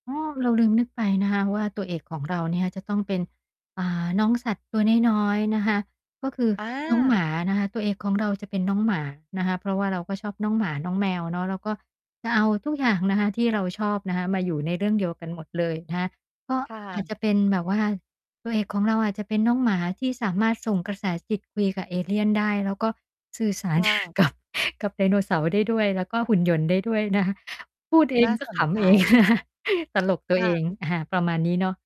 อ้อ เราลืมนึกไปนะคะว่า ตัวเอกของเราเนี่ยจะต้องเป็น อ่า น้องสัตว์ตัวน้อย ๆ นะคะ ก็คือน้องหมอาา นะคะ ตัวเอกของเราจะเป็นน้องหมานะคะ เพราะว่าเราก็ชอบน้องหมา น้องแมวเนาะ แล้วก็จะเอาทุกอย่างนะคะที่เราชอบนะคะ มาอยู่ในเรื่องเดียวกันหมดเลยนะคะ ก็ค่อาจะ จะเป็นแบบว่าตัวเอกของเราอาจจะเป็นน้องหมา ที่สามารถส่งกระแสจิตคุยกับเอเลียนได้ แล้วก็สื่อสาร ค่ะ กับ กับไดโนเสาร์ได้ด้วย แล้วก็หุ่นยนต์ได้ด้วยนะคะ พูดเอนง่าก็สขนใจ ำเอง นะคะ ตลกตัวคเ่อะ ง อา ประมาณนี้เนาะ